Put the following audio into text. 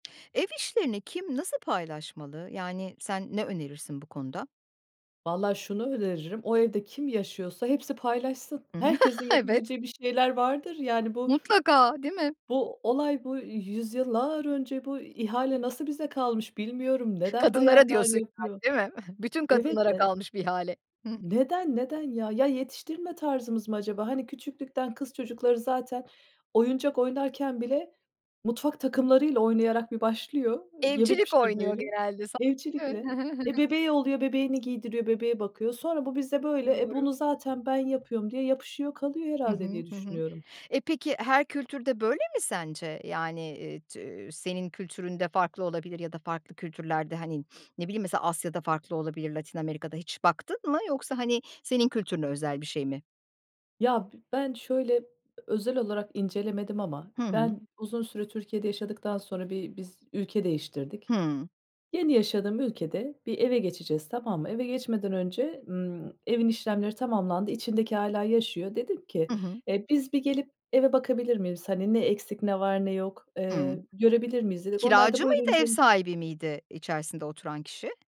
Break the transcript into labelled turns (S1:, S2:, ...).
S1: Ev işlerini kim, nasıl paylaşmalı? Yani, sen ne önerirsin bu konuda?
S2: Valla şunu öneririm, o evde kim yaşıyorsa hepsi paylaşsın.
S1: Hı hı.
S2: Herkesin
S1: Evet.
S2: yapabileceği bir şeyler vardır. Yani, bu
S1: Mutlaka, değil mi?
S2: bu olay, bu yüzyıllar önce bu ihale nasıl bize kalmış bilmiyorum. Neden
S1: Kadınlara
S2: bayanlar
S1: diyorsun,
S2: yapıyor?
S1: yani, değil mi? Bütün
S2: Evet
S1: kadınlara
S2: de
S1: kalmış bir ihale. Hı hı.
S2: Neden, neden ya? Ya, yetiştirme tarzımız mı acaba? Hani, küçüklükten kız çocukları zaten oyuncak oynarken bile mutfak takımlarıyla oynayarak bir başlıyor, yemek
S1: Evcilik oynuyor
S2: pişirmeyle,
S1: genelde sa Evet, hı
S2: evcilikle
S1: hı, hı hı.
S2: Eee, bebeği oluyor, bebeğini giydiriyor, bebeğe bakıyor. Sonra bu bizde böyle, "E,
S1: Doğru.
S2: bunu zaten ben yapıyorum." diye yapışıyor, kalıyor
S1: Hı
S2: herhâlde
S1: hı,
S2: diye
S1: hı hı.
S2: düşünüyorum.
S1: E, peki her kültürde böyle mi sence? Yani, eee, t eee, senin kültüründe farklı olabilir ya da farklı kültürlerde, hani, ne bileyim, mesela Asya'da farklı olabilir, Latin Amerika'da. Hiç baktın mı yoksa, hani, senin kültürüne özel bir şey mi?
S2: Ya, b ben şöyle özel olarak incelemedim ama
S1: Hı hı.
S2: ben uzun süre Türkiye'de yaşadıktan sonra bir biz ülke değiştirdik.
S1: Hıı.
S2: Yeni yaşadığım ülkede bir eve geçeceğiz, tamam mı? Eve geçmeden önce, ımm, evin işlemleri tamamlandı, içindeki hâlâ yaşıyor. Dedim ki,
S1: Hı hı.
S2: eee, "Biz bir gelip eve bakabilir miyiz? Hani, ne eksik, ne var, ne yok,
S1: Hıı.
S2: eee, görebilir miyiz?" dedik. Onlar da
S1: Kiracı
S2: buyurun
S1: mıydı, ev
S2: gelin
S1: sahibi miydi içerisinde oturan kişi?